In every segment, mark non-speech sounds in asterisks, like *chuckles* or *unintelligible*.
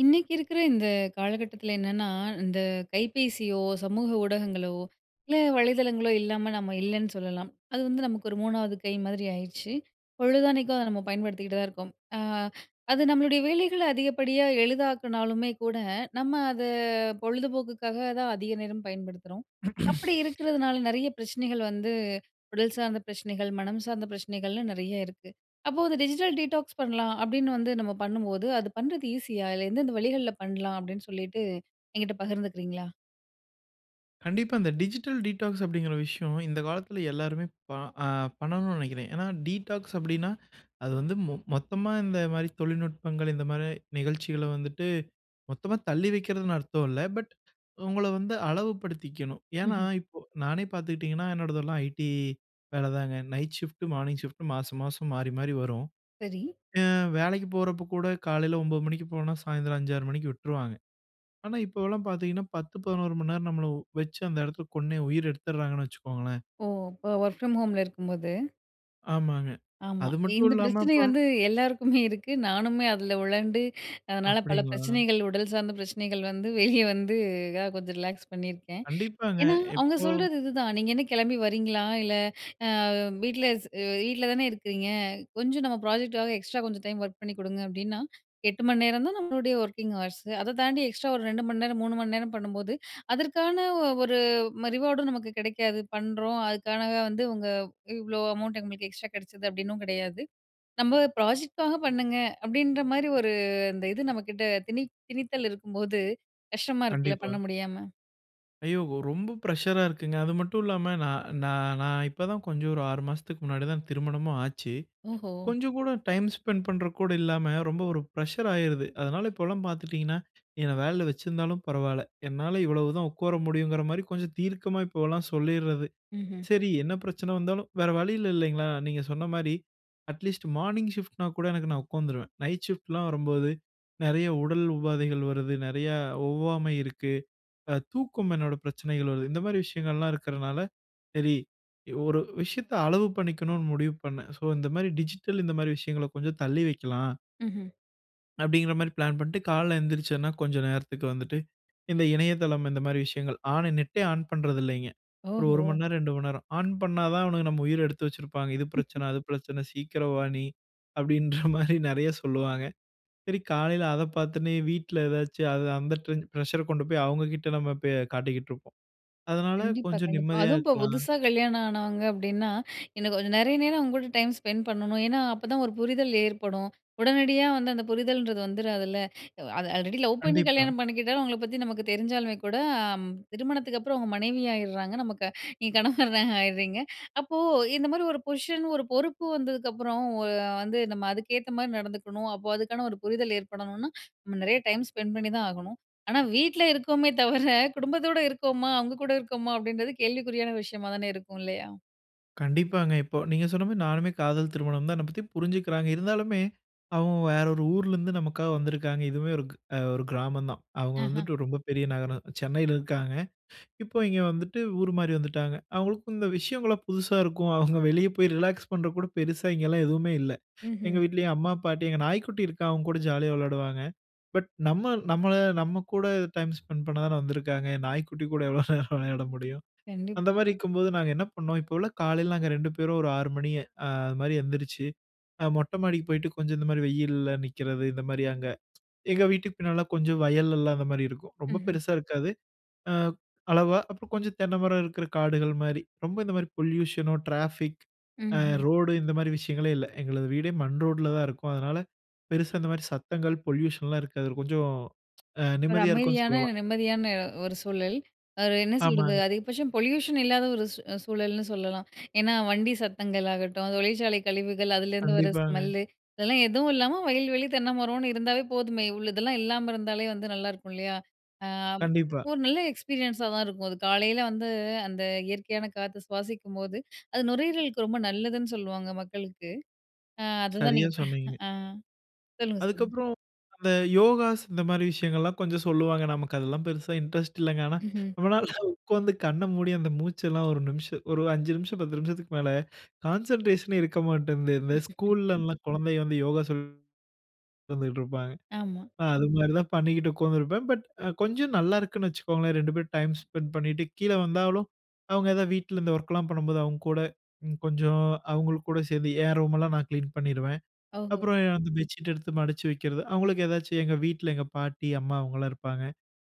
இன்னைக்கு இருக்குற இந்த காலகட்டத்துல என்னன்னா, இந்த கைபேசியோ, சமூக ஊடகங்களோ, இல்ல வலைதளங்களோ இல்லாம நம்ம இல்லன்னு சொல்லலாம். அது வந்து நமக்கு ஒரு 3வது கை மாதிரி ஆயிருச்சு. பொழுதன்னைக்கும் அத நம்ம பயன்படுத்திட்டு தான் இருக்கோம். அ *inhales* அது நம்மளுடைய வேலைகள அதிகப்படியா எளிதாக்குனாலுமே கூட, நம்ம அத பொழுதுபோக்குக்காக தான் அதிக நேரம் பயன்படுத்துறோம். அப்புடி *grunts* இருக்குறதுனால நெறைய பிரச்சனைகள் வந்து, உடல் சார்ந்த பிரச்சனைகள், மனம் சார்ந்த பிரச்சனைகள்லாம் நெறைய இருக்கு. அப்போ வந்து டிஜிட்டல் டீடாக்ஸ் பண்ணலாம் அப்டின்னு வந்து நம்ம பண்ணும்போது, அது பண்றது ஈஸியா? அதில எந்தெந்த வழிகள்ல பண்லாம் அப்டின்னு சொல்லிட்டு என்கிட்ட பகிர்ந்துக்குறீங்களா? கண்டிப்பா, அந்த டிஜிட்டல் டீடாக்ஸ் அப்டிங்கிற விஷயம், இந்த காலத்துல எல்லாருமே ப அ பண்ணணும்ன்னு நெனைக்கிறேன். ஏன்னா டீடாக்ஸ் அப்டின்னா, *inhales* அது வந்து மொ மொத்தமா இந்த மாரி தொழில்நுட்பங்கள், இந்த மாரி, நிகழ்ச்சிகள வந்துட்டு, மொத்தமா தள்ளி வெக்கிறதுன்னு அர்த்தம் இல்ல. பட், *inhales* அவுங்கள வந்து அளவு படுத்திக்கணும். ஏன்னா, ம்ஹ்ம். இப்போ, நானே பாத்துக்கிட்டீங்கன்னா, என்னோடதெல்லாம் ஐடி வேல தாங்க, நைட் ஷிஃப்ட்டு, மார்னிங் ஷிஃப்ட்டு மாச மாசம் மாரி மாரி வரும். சரி. அ வேலைக்கு போறப்ப கூட காலைல 9 மணிக்கு போனா சாயந்தரம் 5, 6 மணிக்கு விட்ருவாங்க. ஆனா, இப்போவெல்லாம் பாத்தீங்கன்னா, 10,11 மண் நேரம் நம்மள வெச்சு அந்த இடத்துல கொன்னே உயிர எடுத்துர்றாங்கன்னு வச்சிக்கோங்களேன்! ஓ! இப்ப வொர்க் ஃப்ரம் ஹோம்ல இருக்கும்போது? ஆமாங்க. ஆமா. அது மட்டும் இந்த இல்லாம. பிரச்சனை *unintelligible* வந்து எல்லாருக்குமே இருக்கு நானுமே அதுல உழண்டு *inhales* அதனால பல அப்டிங்களா. பிரச்சனைகள் உடல் சார்ந்த பிரச்சனைகள் வந்து வெளிய வந்து இப்போ கொஞ்சம் ரிலாக்ஸ் பண்ணிருக்கேன். *inhales* கண்டிப்பாங்க. ஏன்னா, அவங்க எப்போ? சொல்றது இதுதான், நீங்க என்ன கிளம்பி வரீங்களா இல்ல. அ வீட்ல வீட்ல தானே இருக்றீங்க. கொஞ்சம் நம்ம பிராஜெக்ட்க்காக எக்ஸ்ட்ரா கொஞ்சம் டைம் வொர்க் பண்ணி குடுங்க அப்டின்னா, 8 மணி நேரம் தான் நம்மளுடைய வொர்க்கிங் ஹவர்ஸ்ஸூ. அதத் தாண்டி எக்ஸ்ட்ரா ஒரு 2 மணி நேரம், 3 மணி நேரம் பண்ணும்போது, *inhales* அதற்கான ஒரு ரிவார்டும் நமக்கு கிடைக்காது, பண்றோம் அதுக்காக வந்து இவங்க இவ்ளோ அமௌன்ட் இவங்களுக்கு எக்ஸ்ட்ரா கெடச்சது அப்டின்னும் கெடையாது. நம்ம பிராஜெக்ட்க்காக பண்ணுங்க அப்டின்ற மாரி ஒரு இந்த இது நம்மகிட்ட திணி திணித்தல் இருக்கும்போது கஷ்டமா இருக்குல கண்டிப்பா. பண்ண முடியாம. ஐயோ ரொம்ப பிரஷரா இருக்குங்க அது மட்டும் இல்லாம, நா-நா நான் இப்பதான் கொஞ்சம் ஒரு 6 மாசத்துக்கு முன்னாடிதான் திருமணமும் ஆச்சு. ஓஹோ! கொஞ்சம் கூட டைம் ஸ்பெண்ட் பண்றதுக்கு கூட இல்லாம ரொம்ப ஒரு பிரஷர் ஆயிருது. அதனால இப்பலாம் பார்த்துட்டீங்கன்னா என்ன வேலைல வச்சிருந்தாலும் பரவாயில்ல, என்னால இவ்வளவுதான் உக்கோர முடியும்ங்கற மாரி கொஞ்சம் தீர்க்கமா இப்போலாம் சொல்லீர்றது. ம்ஹும். சரி என்ன பிரச்சனை வந்தாலும் வேற வழி இல்ல இல்லைங்களா, நீங்க சொன்ன மாரி, அட்லீஸ்ட் மார்னிங் ஷிப்ட் னா கூட எனக்கு நான் உக்கோர்ந்துருவேன், நைட் ஷிப்ட்லாம் வரும்போது நறைய உடல் உபாதைகள் வருது, நறைய ஒவ்வாமை இருக்கு, அ-தூக்கம் என்னோட பிரச்சனைகள் வருது. இந்த மாதிரி விஷயங்கள்லாம் இருக்றதுனால, சரி ஒரு விஷயத்த அளவு பண்ணிக்கணும்னு முடிவு பண்ணேன். சோ இந்த மாரி டிஜிட்டல் இந்த மாரி விஷயங்கள கொஞ்சம் தள்ளி வைக்கலாம். ம்ஹும். அப்பிடிங்கிற மாரி பிளான் பண்ட்டு, காலைல எந்திரிச்சேன்னா, கொஞ்சம் நேரத்துக்கு வந்துட்டு இந்த இணையதளம், இந்த மாரி விஷயங்கள் ஆனே, நெட்டே ஆன் பண்றதில்லேங்க! 1 1 ஓஹோ! மணி நேரம், 2 மணி நேரம் ஆன் பண்ணா தான் அவனுங்க நம்ம உயிர எடுத்து வச்சிருப்பாங்க. “இது *chuckles* பிரச்சனை, அது பிரச்சனை, சீக்கிரம் வா நீ!” அப்பிடின்ற மாரி நிறைய சொல்லுவாங்க சரி, காலையில அதை பார்த்தோன்னே, வீட்ல ஏதாச்சு அது அந்த டென் பிரஷர் கொண்டு போய் அவுங்க கிட்ட நம்ம போய் காட்டிக்கிட்ருப்போம்! அதனால கண்டிப்பா, கொஞ்சம் கண்டிப்பா. நிம்மதியா அதுவும் இப்போ இருக்கலாம். புதுசா கல்யாணம் ஆனவங்க அப்பிடின்னா *inhales* எனக்கு கொஞ்சம் நெறைய நேரம் உங்ககூட டைம் ஸ்பெண்ட் பண்ணனும்! ஏன்னா அப்ப தான் 1 புரிதல் ஏற்படும். உடனடியா வந்து அந்த புரிதல்ன்றது வந்துராதுல்ல? *inhales* அது ஆல்ரெடி லவ் பண்ணி கண்டிப்பா. கல்யாணம் பண்ணிக்கிட்டாலும், அவுங்கள பத்தி நமக்கு தெரிஞ்சாலுமே கூட, அம் திருமணத்துக்கு அப்பறம் அவுங்க மனைவி ஆயிர்றாங்க நமக்கு நீங்க கணவரா ஆயிர்றீங்க அப்போ இந்த மாரி 1 பொசிஷன் 1 பொறுப்பு வந்ததுக்கு அப்புறம் ஒ வந்து நம்ம அதுக்கேத்த மாரி நடந்துக்கணும். அப்போ அதுக்கான 1 புரிதல் ஏற்படணுன்னா *inhales* நம்ம நிறைய டைம் ஸ்பெண்ட் பண்ணி தான் ஆகணும். ஆனா வீட்ல இருக்கோமே தவர குடும்பத்தோட இருக்கோமா, அவுங்க கூட இருக்கோமா அப்பிடின்றது கேள்விக்குறியான விஷயமா தானே இருக்கும் இல்லயா? கண்டிப்பாங்க. இப்போ நீங்க சொன்ன மாரி நானுமே காதல் திருமணம் தான், என்ன பத்தி புரிஞ்சுக்கிறாங்க. இருந்தாலுமே, அவுங்க வேற 1 ஊர்லருந்து நமக்காக வந்திருக்காங்க! இதுவுமே ஒருக் அ 1 கிராமந்தான்; அவுங்க ஆஹா! வந்துட்டு ரொம்ப பெரிய நகரம் சென்னையில இருக்காங்க *breath* இப்போ இங்க வந்துட்டு ஊர் மாரி வந்துட்டாங்க. அவுங்களுக்கும் இந்த விஷயங்கள்லாம் புதுசா இருக்கும்; அவுங்க வெளியே போய் ரிலாக்ஸ் பண்றதுக்கு கூட பெருசா இங்கேலாம் எதுவுமே இல்ல *inhales* எங்க ம்ஹும். வீட்லயும் அம்மா, பாட்டி, எங்க நாய்க்குட்டி இருக்கான். அவன்கூட ஜாலியா விளையாடுவாங்க; பட் நம்ம, நம்மள, நம்ம கூட டைம் ஸ்பெண்ட் பண்ணா தான வந்திருக்காங்க, நாய்க்குட்டி கூட எவ்ளோ நேரம் விளையாட முடியும்? அந்த கண்டிப்பா. மாரி இருக்கும்போது நாங்க என்ன பண்ணோம், இப்போவெல்லாம் காலைல நாங்க 2 பேரும் 1 6 மணி அது மாரி எந்திரிச்சு, அ மொட்ட மாடிக்கு போய்ட்டு, கொஞ்சம் இந்த மாரி வெயில்ல நிக்கிறது, இந்த மாரி அங்க எங்க வீட்டுக்கு பின்னாலலாம் கொஞ்சம் வயல் எல்லாம் அந்த மாரி இருக்கும்; ரொம்ப ம்ஹும். பெருசா இருக்காது, அ அளவா. அப்ப கொஞ்சம் தென்ன மரம் இருக்குற காடுகள் மாரி, ரொம்ப இந்த மாரி பொல்யூஷன் ஓ, ட்ராஃபிக் அ ம்ஹும். ரோடு இந்த மாரி விஷயங்களே இல்ல. எங்களது வீடே மண் ரோட்ல தான் இருக்கும்; அதனால பெருசா இந்த மாரி சத்தங்கள், பொல்யூஷன் லாம் இருக்காது, கொஞ்சம் அ 1 நிம்மதியா இருக்குன்னு அமைதியான, சொல்லலாம். நிம்மதியான 1 சூழல். 1 என்ன சொல்றது. ஆமாங்க. அதிகபட்சம் பொல்யூஷன் இல்லாத 1 சூழல்ன்னு சொல்லலாம்! ஏன்னா வண்டி சத்தங்கள் ஆகட்டும், தொழிற்சாலை கழிவுகள், அதிலேருந்து வர ஸ்மெல் கண்டிப்பாங்க. லு, இதெல்லாம் எதுவும் இல்லாம வயல்வெளி, தென்னமரன்னு இருந்தாலே போதுமே! இவ்வளதெல்லாம் இல்லாம இருந்தாலே வந்து நல்லாயிருக்கும் இல்லையா? ஆம் கண்டிப்பா. 1 நல்ல எக்ஸ்பீரியன்ஸ் ஆ தான் இருக்கும் அது. காலைல வந்து அந்த இயற்கையான காத்த சுவாசிக்கும்போது *inhales* அது நுரையீரலுக்கு ரொம்ப நல்லதுன்னு சொல்லுவாங்க மக்களுக்கு. அ அதுதான் சரியா நீங்க ப சொன்னீங்க. ஆ, சொல்லுங்க சொல்லுங்க. அதுக்கப்புறம் அந்த யோகாஸ், இந்த மாரி விஷயங்கள்லாம் கொஞ்சம் சொல்லுவாங்க. நமக்கு அதெல்லாம் பெருசா இன்ட்ரெஸ்ட் இல்லங்க. ஆனா ம்ஹும். நம்மளால உக்கார்ந்து கண்ண மூடி, அந்த மூச்சு எல்லாம் 1 நிமிஷம், 1 5 நிமிஷம், பத்து நிமிஷத்துக்கு மேல கான்சென்ட்ரேஷன் ஏ இருக்க மாட்டேன்து. இந்த *chuckles* ஸ்கூல்‌லல்லாம் குழந்தைய வந்து யோகா சொல்லி உக்காந்துட்ருப்பாங்க, ஆமா. அ அது மாரி தான் பண்ணிக்கிட்டு உக்காந்துருப்பேன். பட் கொஞ்சம் நல்லாருக்குன்னு வச்சுக்கோங்களேன்! 2 பேரும் டைம் ஸ்பென்ட் பண்ணிட்டு கீழ வந்தாலும், அவுங்க ஏதாவது வீட்ல இந்த ஒர்க்லாம் பண்ணும்போது, அவுங்க கூட கொஞ்சம் அவுங்களுக்கு கூட சேந்து என் ரூமெல்லாம் நான் கிளீன் பண்ணிருவேன். ஓஹோ! அப்புறம் அந்த பெட்ஷீட் எடுத்து மடிச்சு வைக்கிறது. அவுங்களுக்கு ஏதாச்சும் எங்க வீட்ல, எங்க பாட்டி, அம்மா அவுங்கலாம் இருப்பாங்க.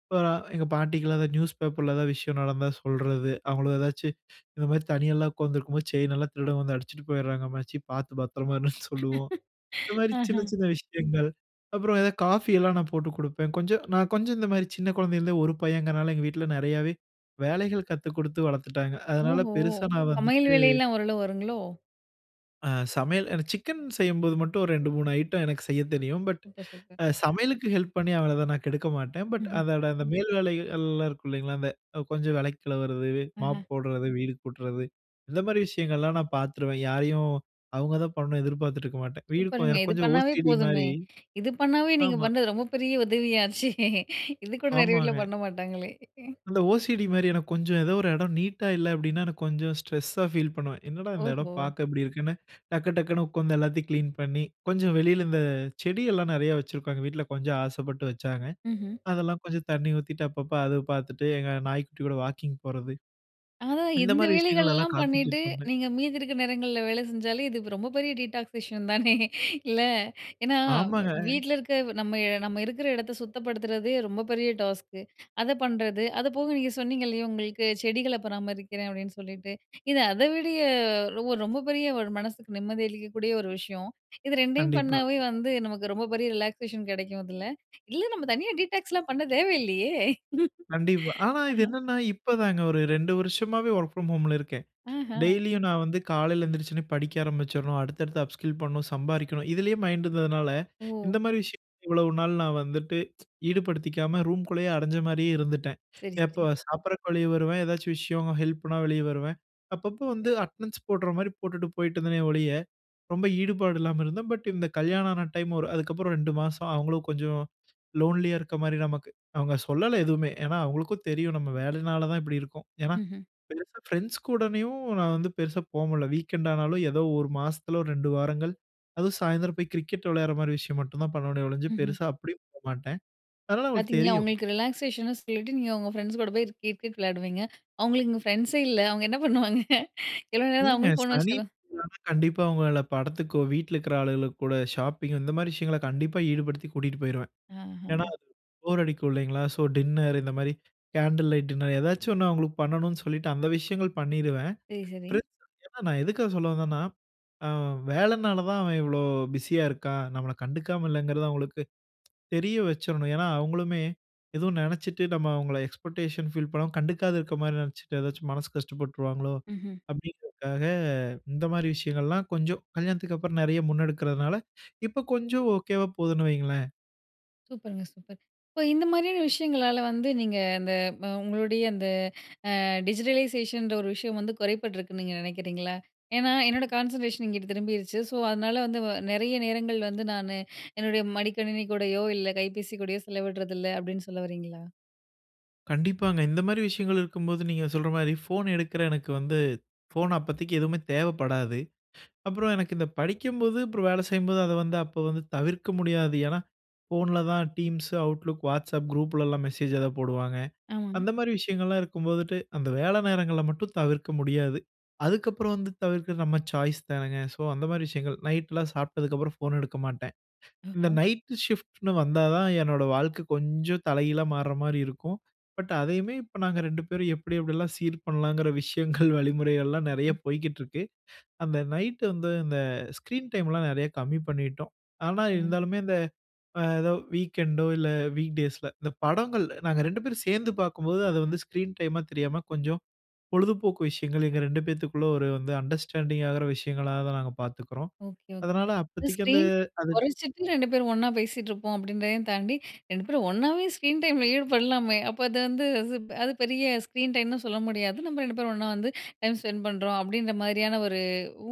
இப்ப எங்க பாட்டிக்குலாம் அந்த நியூஸ் பேப்பர்ல ஏதாவது விஷயம் நடந்தா சொல்றது. அவுங்கள ஏதாச்சும் இந்த மாரி தனியாலாம் உக்காந்துருக்கும் போது, செயின் எல்லாம் திருடன் வந்து அடிச்சுட்டு போயிர்றாங்க அம்மாச்சி, பாத்து பத்திரமா இருன்னு சொல்லுவோம் இந்த *chuckles* மாரி ஆஹா! சின்ன, சின்ன விஷயங்கள்; அப்புறம் ஏதாவது காஃபி எல்லாம் நான் போட்டு குடுப்பேன். கொஞ்சம் நான் கொஞ்சம் இந்த மாரி சின்ன குழந்தையில இருந்தே 1 பையன்ங்கிறனால எங்க வீட்ல நிறையாவே வேலைகள் கத்து குடுத்து வளத்துட்டாங்க; அதனால ஓஹோ! பெருசா நான் சமையல் வந்துட்டு வேலை எல்லாம் ஓரளவு வருங்களோ? அ சமையல் என சிக்கன் செய்யும்போது மட்டும் ஒரு 2, 3 ஐட்டம் எனக்கு செய்யத் தெரியும். But super, super. அ சமையலுக்கு ஹெல்ப் பண்ணி அவளதா நான் கெடுக்க மாட்டேன். பட் ம்ஹ்ம். அதோட அந்த மேல் வேலைகள் எல்லாம் இருக்கும் இல்லேங்களா, இந்த கொஞ்சம் வெளக்கி கழுவுறது, ஆஹா! மாப் போட்றது, வீடு கூட்றது இந்த மாதிரி விஷயங்கள் எல்லாம் நான் பார்த்துருவேன். யாரையும் அவுங்கதான் பண்ணனு எதிர்பார்த்துட்டுருக்க மாட்டேன். வீடு சூப்பருங்க, எனக்கு இது கொஞ்சம் பண்ணாவே ஓசிடி போதுமே மாரி. இது பண்ணாவே நீங்க ஆமா. பண்ணது ரொம்ப பெரிய உதவியாச்சே. இது கூட நெறைய வீட்ல ஆமாங்க. பண்ண மாட்டாங்களே அந்த ஓசிடி மாரி எனக்கு கொஞ்சம் ஏதோ 1 எடம் நீட்டா இல்ல அப்பிடின்னா எனக்கு கொஞ்சம் ஸ்ட்ரெஸ் ஸா ஃபீல் பண்ணுவேன். என்னடா இந்த எடம் ஓஹோ! பார்க்க இப்பிடி இருக்குன்னு, டக்கு டக்குன்னு உட்கார்ந்து எல்லாத்தையும் கிளீன் பண்ணி, கொஞ்சம் வெளியில இந்த செடி எல்லாம் நெறையா வச்சிருக்கோம். எங்க வீட்ல கொஞ்சம் ஆசைப்பட்டு வச்சாங்க, மஹ்ம். அதெல்லாம் கொஞ்சம் தண்ணி ஊத்திட்டு அப்பப்போ அது பார்த்துட்டு, எங்க நாய்க்குட்டி கூட வாக்கிங் போறது, அதான் இந்த இந்த மாரி விஷயங்கள்ல வேலைகள்லாம் பண்ணிட்டு, கான்சன்ட்ரேட் பண்ணேன். நீங்க மீதி இருக்கிற நேரங்கள்ல வேலை செஞ்சாலே, இது ரொம்ப பெரிய டீடாக்ஸ் விஷயம் தானே இல்ல? ஏன்னா ஆமாங்க. வீட்ல இருக்க நம்ம, நம்ம இருக்குற எடத்த சுத்தப்படுத்துறதே ரொம்ப பெரிய டாஸ்க். அத பண்றது அது போக நீங்க சொன்னீங்க இல்லயா, உங்களுக்கு "செடிகள பராமரிக்கிறேன்" அப்பிடின்னு சொல்லிட்டு, இது அதவிடய ஒ 1 ரொம்ப பெரிய 1 மனசுக்கு நிம்மதி அளிக்கக் கூடிய 1 விஷயம். இது 2 டையும் கண்டிப்பா. பண்ணவே வந்து நமக்கு ரொம்ப பெரிய ரிலாக்சேஷன் கிடைக்கும் இதுல. இல்ல நம்ம தனியா டீடாக்ஸ் ல்லாம் பண்ண தேவையில்லயே! *chuckles* கண்டிப்பா. ஆனா, இது என்னன்னா இப்ப தாங்க ஒரு 2 வருஷமாவே ஒர்க் ஃபிரம் ஹோம்ல இருக்கேன். ஆஹா! டெய்லியும் நான் வந்து காலையில எந்திரிச்ச உடனே படிக்க ஆரம்பிச்சர்ணும், அடுத்தடுத்த அப்ஸ்கில் பண்ணனும், சம்பாரிக்கணும் இதுலயே மைண்ட் இருந்ததுனால *inhales* இந்த ஓ! மாரி விஷயங்கள்ல இவ்வளவு நாள் நான் வந்துட்டு ஈடுபடுத்திக்காம ரூம்குள்ளேயே அடைஞ்ச மாரி இருந்திட்டேன். சரி, *inhales* சரி. எப்ப சாப்பாட்டுக்கு வெளிய வருவேன். ஏதாச்சும் விஷயம் ஹெல்ப்னா வெளிய வருவேன். அப்பப்ப வந்து அட்டென்டன்ஸ் போட்ற மாரி போட்டுட்டு போயிட்டு இருந்தேனே! ஒழிய, ரொம்ப ஈடுபாடு இல்லாம இருந்தேன். பட் இந்த கல்யாணமான டைம் அதுக்கப்புறம் 2 மாசம் அவுங்களும் கொஞ்சம் லோன்லியா இருக்ற மாரி நமக்கு அவுங்க சொல்லல எதுவுமே. ஏன்னா அவுங்களுக்கும் தெரியும். நம்ம வேலைனால தான் இப்படி இருக்கோம். ஏன்னா மஹ்ம். பெருசா பிரண்ட்ஸ் கூடனையும் நான் வந்து பெருசா போகமுடியல. வீக்கெண்ட் ஆனாலும் ஏதோ 1 மாசத்துல ஒரு 2 வாரங்கள் அதுவும் சாயந்தரம் போய் கிரிக்கெட் விளையாடுற மாரி விஷயம் மட்டும் தான் பண்ணுவேனே, ஒழிஞ்சு மஹ்ம். பெருசா அப்பிடி போமாட்டேன். அதனால அவுங்களுக்கு பார்த்தீங்களா, தெரியும். ஒங்களுக்கு ரிலாக்சேஷன்னு சொல்லிட்டு நீங்க உங்க பிரண்ட்ஸ் கூட போய் கிரிக்கெட் விளையாடுவீங்க. அவுங்களுக்கு இங்க பிரண்ட்ஸே இல்ல, அவுங்க என்ன பண்ணுவாங்க எவ்வளவு நேரம் இல்லங்க அவங்களும் ஃபோன் சனி, வச்சிட்டு ஞாயிறு *unintelligible* கண்டிப்பா, அவுங்கள படத்துக்கோ, வீட்ல இருக்குற ஆளுகளுக்கு கூட ஷாப்பிங். இந்த மாரி விஷயங்கள கண்டிப்பா ஈடுபடுத்தி கூட்டிட்டு போயிருவேன். ஆஹா. ஏன்னா *unintelligible* போர் அடிக்கும் இல்லீங்களா? சோ டின்னர் இந்த மாதிரி கேண்டில் லைட் டின்னர் ஏதாச்சும் 1 அவுங்களுக்கு பண்ணனும்னு சொல்லிட்டு அந்த விஷயங்கள் பண்ணிருவேன். சரி, சரி. பிரண்ட்ஸ்ன்னு நான் எதுக்காக சொல்ல வந்தேன்னா, அ வேலைனால தான் அவன் இவ்ளோ பிஸியா இருக்கான். நம்மள கண்டுக்காம இல்லங்கறது அவுங்களுக்கு தெரிய வச்சிரணும். ஏன்னா அவுங்களுமே ஏதோ நெனைச்சிட்டு நம்ம அவுங்கள எக்ஸ்பெக்டேஷன் ஃபீல் பண்ணாம கண்டுக்காத இருக்க மாதிரி நெனைச்சிட்டு ஏதாச்சும் மனசு கஷ்டப்பட்டுருவாங்களோ, மஹ்ம். அப்பிடிங்கிறதுக்காக இந்த மாரி விஷயங்கள் எல்லாம் கொஞ்சம் கல்யாணத்துக்கப்புறம் நிறைய முன்னெடுக்கிறதுனால *inhales* இப்போ கொஞ்சம் ஓகேவா போகுதுன்னு வைங்களேன். சூப்பருங்க, சூப்பர். இப்போ இந்த மாதிரியான விஷயங்களால வந்து நீங்க அந்த உங்களுடைய அந்த ஆ டிஜிடலைசேஷன்ற ஒரு விஷயம் வந்து குறைபட்டிருக்குன்னு நீங்க நினைக்கிறீங்களா? ஏனா, "என்னோட கான்சென்ட்ரேஷன் இங்கிட்டு திரும்பிருச்சு. ஸோ, அதனால வந்து வ நிறைய நேரங்கள் வந்து நானு என்னுடைய மடிக்கணினி கூடையோ, இல்ல கைபேசி கூடையோ செலவிடுறதில்ல". அப்டீன்னு சொல்ல வரீங்களா? கண்டிப்பாங்க. இந்த மாரி விஷயங்கள் இருக்கும்போது நீங்க சொல்ற மாதிரி ஃபோன் எடுக்குற எனக்கு வந்து ஃபோன் அப்பதிக்கி எதுவுமே தேவைப்படாது. அப்புறம் எனக்கு இந்த படிக்கும்போது அப்புறம் வேலை செய்யும்போது அத வந்து அப்போ வந்து தவிர்க்க முடியாது. ஏனா, ஃபோன்ல தான் Teams, Outlook, WhatsApp குரூப்ளெல்லாம் மெசேஜ் எதா போடுவாங்க. ஆமாங். அந்த மாரி விஷயங்கள்லாம் இருக்கும்போதுட்டு அந்த வேல நேரங்கள மட்டும் தவிர்க்க முடியாது. அதுக்கப்புறம் வந்து தவிர்க்றது நம்ம சாய்ஸ் தானேங்க. ஸோ, அந்த மாதிரி விஷயங்கள் நைட்லாம் சாப்ட்டதுக்கப்புறம் ஃபோன் எடுக்க மாட்டேன். இந்த *unintelligible* நைட்‌டு ஷிஃப்ட்ன்னு வந்தா தான் என்னோட வாழ்க்கை கொஞ்சம் தல கீழா மாற மாரி இருக்கும். பட், அதையுமே இப்ப நாங்க 2 பேரும் எப்டி எப்டிலாம் சீர் பண்ணலாங்கிற விஷயங்கள், வழிமுறைகள்லாம் நிறைய ம்ஹ்ம். போய்க்கிட்டு இருக்கு. அந்த நைட்‌டு வந்து இந்த ஸ்க்ரீன் டைம்லாம் நிறைய கம்மி பண்ணிடோம். ஆனா, சூப்பருங்க. இருந்தாலுமே அந்த ஆ எதோ வீக்கெண்டோ இல்ல, வீக் டேஸ்ல இந்த படங்கள் நாங்க 2 பேரும் சேர்ந்து பார்க்கும்போது அத வந்து ஸ்க்ரீன் டைமா தெரியாம கொஞ்சம் பொழுதுபோக்கு விஷயங்கள் எங்க 2 பேத்துக்குள்ள ஒரு வந்து அண்டர்ஸ்டாண்டிங் ஆகிற விஷயங்களாதா நாங்க பார்த்துக்குறோம். Okay, okay. அதனால அப்பத்திக்கி அந்த ஸ்க்ரீன் அது... குறச்சிட்டு 2 பேரும் ஒண்ணா பேசிட்டு இருப்போம் அப்டின்றதையும் தாண்டி 2 பேரும் ஒண்ணாவே ஸ்க்ரீன் டைம்ல ஈடுபடலாமே? அப்ப அது வந்து *unintelligible* அது பெரிய ஸ்க்ரீன் டைம்னு சொல்ல முடியாது. நம்ம 2 பேரும் ஒண்ணா வந்து டைம் ஸ்பெண் பண்றோம் அப்டீன்ற மாதிரியான ஒரு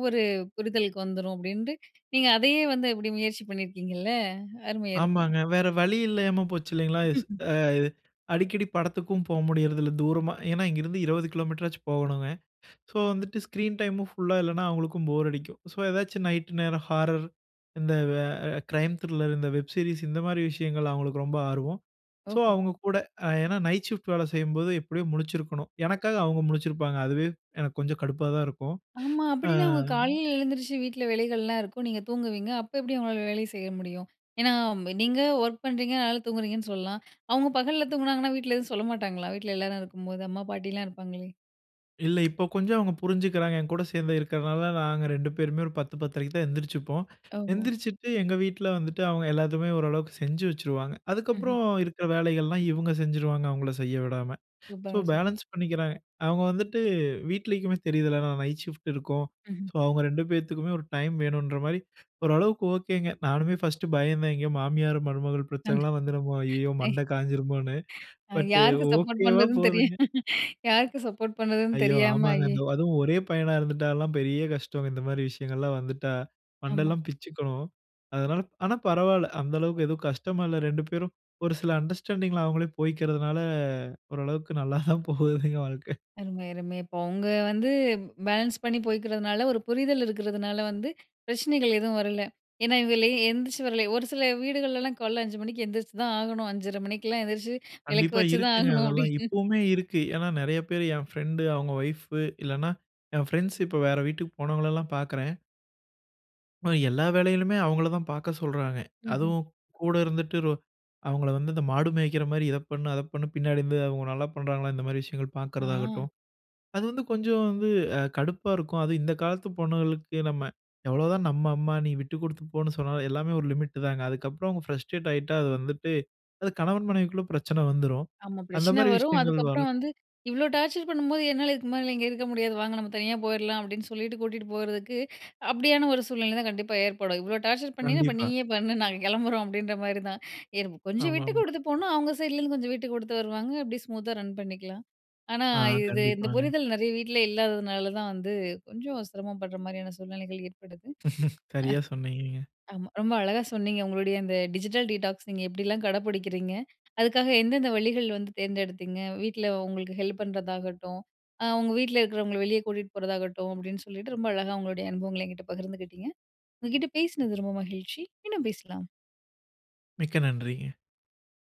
ஒரு புரிதலுக்கு வந்துரும். அப்டீன்ட்டு நீங்க அதையே வந்து இப்டி முயற்சி பண்ணியிருக்கீங்கல்ல! அருமை, அருமை! ஆமாங்க வேற வழி இல்லாம போச்சு இல்லைங்களா? ஸ் *chuckles* ஆ அடிக்கடி படத்துக்கும் போக முடியறதில்ல தூரமா ஏனா, இங்கேயிருந்து 20 கிலோமீட்டராச்சும் போகணுங்க. ஸோ, வந்துட்டு ஸ்க்ரீன் டைமும் ஃபுல்லா இல்லனா அவங்களுக்கும் போர் அடிக்கும். ஸோ ஏதாச்சும் நைட் நேரம் ஹாரர் இந்த, வ அ க்ரைம் த்ரில்லர் இந்த வெப் சீரிஸ் இந்த மாதிரி விஷயங்கள்ள அவங்களுக்கு ரொம்ப ஆர்வம். ஸோ ஓஹோ! அவங்க கூட அ ஏனா நைட் ஷிஃப்ட் வேல செய்யும்போது எப்படியும் முழிச்சிருக்கணும். எனக்காக அவங்க முழிச்சிருப்பாங்க. அதுவே எனக்கு கொஞ்சம் கடுப்பா தான் இருக்கும். ஆமா, ஆ... அப்டின்னா அவங்க காலையில எழுந்திரிச்சு வீட்ல வேலைகள்லா இருக்கும். நீங்க தூங்குவீங்க, அப்ப எப்படி அவங்களால வேலை செய்ய முடியும்? ஏனா நீங்க ஒர்க் பண்றீங்க, அதனால தூங்குறீங்கன்னு சொல்லலாம். அவங்க பகல்ல தூங்குனாங்கன்னா வீட்ல எதுவும் சொல்ல மாட்டாங்களா? வீட்ல எல்லாரும் இருக்கும்போது அம்மா, பாட்டிலா இருப்பாங்களே? இல்ல. இப்ப, கொஞ்சம் அவங்க புரிஞ்சுக்கிறாங்க. என் கூட சேர்ந்து இருக்கிறனால, நாங்க 2 பேருமே ஒரு 10 10 1/2 க்கு தான் எந்திரிச்சிப்போம். ஓஹோ! எந்திரிச்சுட்டு எங்க வீட்ல வந்துட்டு, அவங்க எல்லாத்துமே ஓரளவுக்கு செஞ்சு வச்சுருவாங்க. ம்ஹ்ம். அதுக்கப்புறம், இருக்கிற வேலைகள்லாம் இவங்க செஞ்சுடுவாங்க. அவங்கள செய்ய விடாம. *inhales* சோ, சூப்பர்ங்க, சூப்பர். பேலன்ஸ் பண்ணிக்கிறாங்க. அவங்க வந்துட்டு, வீட்லேக்குமே தெரியுதுல்ல, நான் நைட் ஷிஃப்ட் இருக்கும். ம்ஹ்ம். சோ, அவுங்க 2 பேத்துக்குமே ஒரு டைம் வேணுன்ற மாரி, ஓரளவுக்கு ஓகேங்க. நானுமே ஃபர்ஸ்ட்டு பயந்தேன். எங்கயோ, மாமியார் மருமகள் பிரச்சனலாம் வந்துருமோ, ஐயயோ *unintelligible* மண்ட காஞ்சிருமோன்னு. பட், யாருக்கு சப்போர்ட் ஓகேவா பண்ணுறதுன்னு தெரியு போதுங்க. யாருக்கு சப்போர்ட் பண்ணுறதுன்னு ஐயோ! தெரியாம, ஆமாங்க. ஆயே அந் அதுவும் ஒரே பையனா இருந்துட்டாலா, பெரிய கஷ்டம். இந்த மாரி விஷயங்கள்லா வந்துட்டா. ஆமா. மண்டல்லாம் பிச்சுக்கும். அதனால, ஆனா பரவால்ல. அந்த அளவுக்கு எதுவும் கஷ்டமா இல்ல. 2 பேரும், ஒரு சில அண்டர்ஸ்டாண்டிங்ல அவுங்களே போய்க்கிறதனால, ஓரளவுக்கு நல்லா தான் போகுதுங்க, வாழ்க்கை. அருமை. அருமை. இப்ப, அவங்க வந்து பேலன்ஸ் பண்ணி போய்க்கிறதுனால, ஒரு புரிதல் இருக்கிறதுனால வந்து, பிரச்சனைகள் எதுவும் வரல. ஏன்னா, இவங்களே எந்திச்சு வர லே ஒரு சில வீடுகள்லலாம், "காலைல 5 மணிக்கு எந்திரிச்சு தான் ஆகணும். 5 1/2 மணிக்கெல்லாம் எந்திரிச்சி, விளக்கு கண்டிப்பா. வச்சு தான் இருக்குங்க ஆகணும்." அதெல்லாம். அப்படின்னு. இப்போவுமே இருக்கு. ஏன்னா நிறைய பேரு, என் ஃப்ரெண்டு அவங்க ஒய்ஃப் இல்லனா, என் ஃப்ரெண்ட்ஸ் இப்போ வேற வீட்டுக்கு போனவங்களலாம் பார்க்குறேன் ஆமா. எல்லா வேலைளுமே அவங்கள தான் பாக்க சொல்றாங்க. ம்ஹ்ம். அதுவும் கூட இருந்துட்டு, ரொ அவங்கள வந்து இந்த மாடு மேய்க்ற மாரி இத பண்ணு, அத பண்ணு பின்னாடி இருந்து அவங்க நல்லா பண்றாங்களா? இந்த மாரி விஷயங்கள் ஆ. பாக்கறதாகட்டும், அது வந்து கொஞ்சம் வந்து, அ கடுப்பா இருக்கும். அதுவும் இந்த காலத்து பொண்ணுங்களுக்கு நம்ம, எவ்ளோதான் நம்ம அம்மா, நீ விட்டு குடுத்து போனு சொன்னாலு, எல்லாமே ஒரு லிமிட் தாங்க அதுக்கப்றம் அவங்க ஃப்ரஸ்ட்ரேட் ஆயிட்டா அது வந்துட்டு, அது கணவன் மனைவிக்குள்ள பிரச்சன வந்துரும். ஆமா. அந்த பிரச்சன மாரி வரும். விஷயங்கள் வரக் அதுக்கப்பறம் வந்து இவ்ளோ டார்ச்சர் பண்ணும்போது என்னால இதுக்கு மேல இங்க இருக்க முடியாது. வாங்க நம்ம தனியா போயிரலாம் அப்டின்னு சொல்லிட்டு கூடிட்டு போயிறதுக்கு, *inhales* அப்டியான ஒரு சூழ்நிலை தான் கண்டிப்பா ஏற்படும். இவ்ளோ டார்ச்சர் பண்ணினா அப்ப கண்டிப்பா. நீயே பண்ணு நாங்க கெளம்புறோம், அப்டின்ற மாரி தான். எனக்கு, கொஞ்சம் விட்டு ஆமாமா. கொடுத்து போனா அவங்க சைட்லருந்து கொஞ்சம் விட்டுக்குடுத்து வருவாங்க அப்டியே ஸ்மூத்தா ரன் பண்ணிக்கலாம். ஆனா ஆ. இது இந்த கண்டிப்பாங்க. புரிதல் நிறைய வீட்ல இல்லாததுனால தான் வந்து, கொஞ்சம் சிரமபடுற மாரியான சூழ்நிலைகள் ஏற்படுது. *laughs* சரியா சொன்னீங்கங்க. அ ஆமா ரொம்ப அழகா சொன்னீங்க. உங்களுடைய இந்த டிஜிட்டல் டீடாக்ஸ் நீங்க எப்டிலாம் கடை பிடிக்கிறீங்க, அதுக்காக எந்தெந்த வழிகள் வந்து தேர்ந்தெடுத்தீங்க, வீட்ல உங்களுக்கு ஹெல்ப் பண்றதாகட்டும், அ உங்க வீட்ல இருக்குறவங்கள வெளியே கூட்டிட்டு போறதாகட்டும், அப்டின்னு சொல்லிட்டு ரொம்ப அழகா உங்களுடைய அனுபவங்கள என்கிட்ட பகிர்ந்துகிட்டிங்க. உங்க கிட்ட பேசினது ரொம்ப மகிழ்ச்சி மீண்டும் பேசலாம். மிக்க நன்றிங்க.